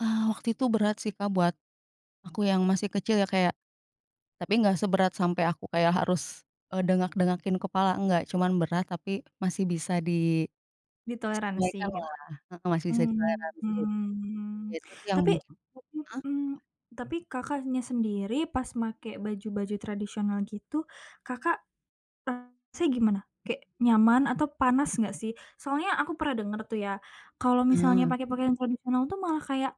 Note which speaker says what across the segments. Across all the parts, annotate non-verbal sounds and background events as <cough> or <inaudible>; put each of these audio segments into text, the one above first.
Speaker 1: Ah, waktu itu berat sih, Kak, buat aku yang masih kecil ya, kayak tapi nggak seberat sampai aku kayak harus, eee, dengak dengakin kepala, enggak, cuman berat tapi masih bisa di
Speaker 2: Ditoleransi,
Speaker 1: abaikan
Speaker 2: gitu?
Speaker 1: lah, heeh, masih bisa ditoleransi.
Speaker 2: Mmm, mhm.
Speaker 1: Itu tuh yang
Speaker 2: Tapi,
Speaker 1: heeh?
Speaker 2: mhm. Tapi Kakaknya sendiri pas make baju-baju tradisional gitu, Kakak ngerasanya gimana? Kayak nyaman atau panas enggak sih? Soalnya aku pernah denger tuh ya, kalau misalnya
Speaker 1: Ah.
Speaker 2: pake pakaian tradisional tuh malah kayak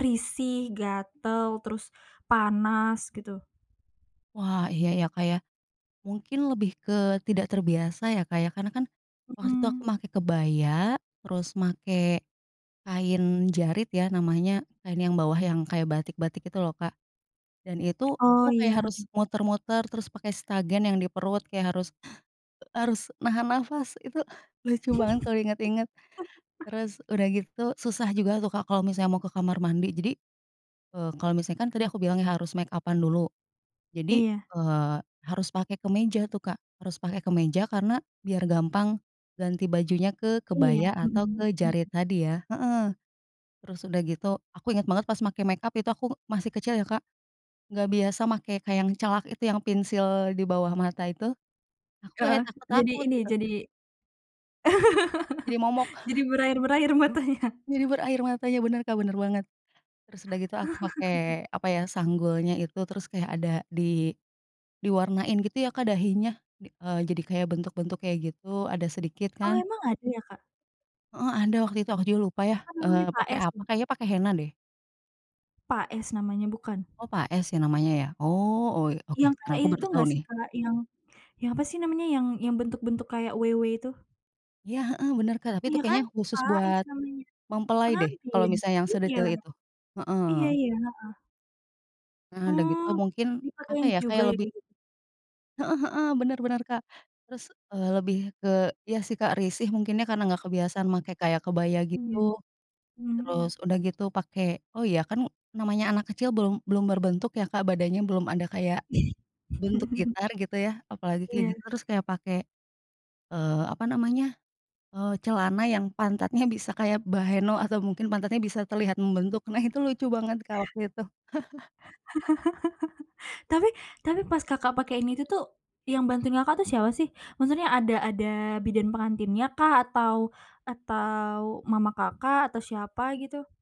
Speaker 2: risih, gatel, terus panas, gitu.
Speaker 1: Wah, iya ya, Kak, ya, mungkin lebih ke tidak terbiasa ya, Kak, ya. Karena kan waktu itu aku
Speaker 2: Mhm.
Speaker 1: make kebaya, terus make kain jarit ya namanya. Kain yang bawah yang kayak batik-batik, gitu loh, Kak. Dan itu,
Speaker 2: Oh,
Speaker 1: aku
Speaker 2: iya,
Speaker 1: kayak
Speaker 2: heeh.
Speaker 1: harus muter-muter terus pakai stagen yang di perut kayak harus harus nahan nafas. Itu lucu banget kalau inget-inget.
Speaker 2: <laughs>
Speaker 1: Terus sudah gitu, susah juga tuh, Kak, kalau misalnya mau ke kamar mandi. Jadi, eee, kalau misalnya kan tadi aku bilang, iya, harus mekapan dulu. Jadi,
Speaker 2: Iya
Speaker 1: eee, harus pakai kemeja tuh, Kak, harus pakai kemeja karena biar gampang ganti bajunya ke
Speaker 2: Iya,
Speaker 1: kebaya atau
Speaker 2: mhm,
Speaker 1: ke
Speaker 2: mhm.
Speaker 1: jarit tadi ya heeh. Terus sudah gitu, aku inget banget pas make mekap itu aku masih kecil ya, Kak. Enggak biasa make kayak yang celak itu, yang pensil di bawah mata itu. Aku kayak
Speaker 2: Heeh, jadi
Speaker 1: takut-takut,
Speaker 2: ini,
Speaker 1: gitu.
Speaker 2: jadi
Speaker 1: Jadi momok.
Speaker 2: <laughs> jadi
Speaker 1: <chuckles>
Speaker 2: berair-berair matanya.
Speaker 1: Jadi berair matanya, bener, Kak, bener banget. Terus sudah gitu aku
Speaker 2: <laughs>
Speaker 1: pakai, apa ya, sanggulnya itu terus kayak ada di diwarnain gitu ya, Kak, dahinya. Eee, jadi kayak bentuk-bentuk kayak gitu, ada sedikit
Speaker 2: Oh,
Speaker 1: kan.
Speaker 2: emang ada ya, Kak?
Speaker 1: Heeh, ada waktu itu, aku juga lupa ya,
Speaker 2: Apa namanya
Speaker 1: eee, pakai,
Speaker 2: paes,
Speaker 1: apa,
Speaker 2: ya?
Speaker 1: kayaknya pakai henna deh.
Speaker 2: Paes namanya bukan?
Speaker 1: Oh, paes ya namanya, ya? Oh oy oke,
Speaker 2: Yang kaya
Speaker 1: nah, aku
Speaker 2: itu
Speaker 1: baru tahu
Speaker 2: nggak sih,
Speaker 1: nih.
Speaker 2: Kak? Yang yang apa sih namanya, yang yang bentuk-bentuk kayak W, W itu?
Speaker 1: Iya, heeh, bener, Kak. tapi itu
Speaker 2: Iya kan?
Speaker 1: kayaknya khusus
Speaker 2: Paes
Speaker 1: buat
Speaker 2: namanya.
Speaker 1: mempelai deh, kalau
Speaker 2: Pengantin,
Speaker 1: misalnya yang
Speaker 2: iya.
Speaker 1: sedetail itu.
Speaker 2: Iya
Speaker 1: Heeh.
Speaker 2: iya, heeh.
Speaker 1: Eee, sudah gitu
Speaker 2: Oh,
Speaker 1: mungkin, apa
Speaker 2: dipakein
Speaker 1: ya,
Speaker 2: juga
Speaker 1: kayak
Speaker 2: ya,
Speaker 1: lebih
Speaker 2: kayak gitu?
Speaker 1: Heeh heeh. Benar benar, Kak. Terus, eee, lebih ke iya sih, Kak, risih mungkin ya karena enggak kebiasaan make kayak kebaya, gitu.
Speaker 2: Mmm, mhm
Speaker 1: Terus
Speaker 2: mhm.
Speaker 1: sudah gitu pakai oh, iya, kan namanya anak kecil belum belum berbentuk ya, Kak, badannya belum ada kayak bentuk
Speaker 2: <laughs>
Speaker 1: gitar, gitu ya. Apalagi kayak gitu,
Speaker 2: Iya.
Speaker 1: terus kayak pakai, eee, apa namanya, eee, celana yang pantatnya bisa kayak bahenol atau mungkin pantatnya bisa terlihat membentuk. Nah, itu lucu banget, Kak, waktu itu. <chuckles>
Speaker 2: <laughs> Tapi tapi pas Kakak pake ini itu tuh, yang bantuin Kakak tuh siapa sih? Maksudnya ada ada bidan pengantinnya kah? Atau atau mama Kakak? Atau siapa gitu?